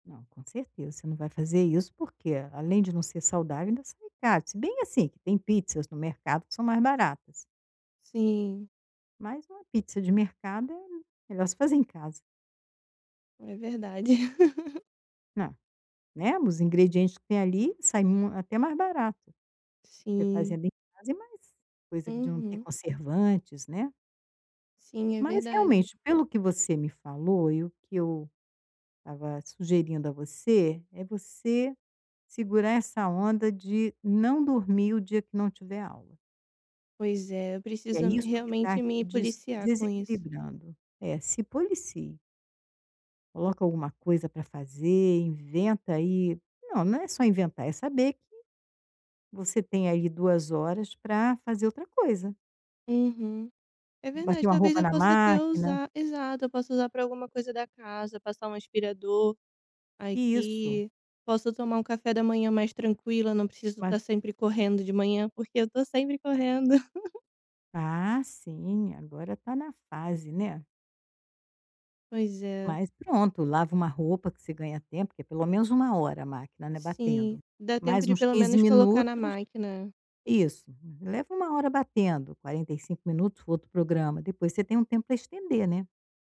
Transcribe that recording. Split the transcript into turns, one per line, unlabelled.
Não, com certeza, você não vai fazer isso, porque além de não ser saudável ainda sabe, se bem assim que tem pizzas no mercado que são mais baratas.
Sim.
Mas uma pizza de mercado é melhor se fazer em casa.
É verdade.
Não, né, os ingredientes que tem ali sai até mais barato, porque
Sim.
fazendo em casa e mais, coisa que de não ter
Uhum.
conservantes, né.
Sim, é
Mas
verdade.
realmente pelo que você me falou e o que eu estava sugerindo a você, é você segurar essa onda de não dormir o dia que não tiver aula.
Pois é, eu
E é
preciso
isso que está
realmente me
te
policiar com isso.
desequilibrando, é se policie. Coloca alguma coisa para fazer, inventa aí, não, não é só inventar é saber que você tem aí 2 horas para fazer outra coisa.
Uhum, é
Bater
verdade,
uma
talvez
roupa
eu
na
possa até
máquina.
usar, exato, eu posso usar para alguma coisa da casa, passar um aspirador,
Isso.
aqui, posso tomar um café da manhã mais tranquila, não preciso estar
[unintelligible]
sempre correndo de manhã, porque eu tô sempre correndo.
Ah, sim, agora está na fase, né.
Pois é.
Mas pronto, lava uma roupa que você ganha tempo, que é pelo menos 1 hora a máquina não é, batendo,
Sim, dá tempo
mais
de
uns
pelo
15
menos colocar na
minutos,
máquina.
isso, leva 1 hora batendo, 45 minutos o outro programa, depois você tem um tempo para estender, né.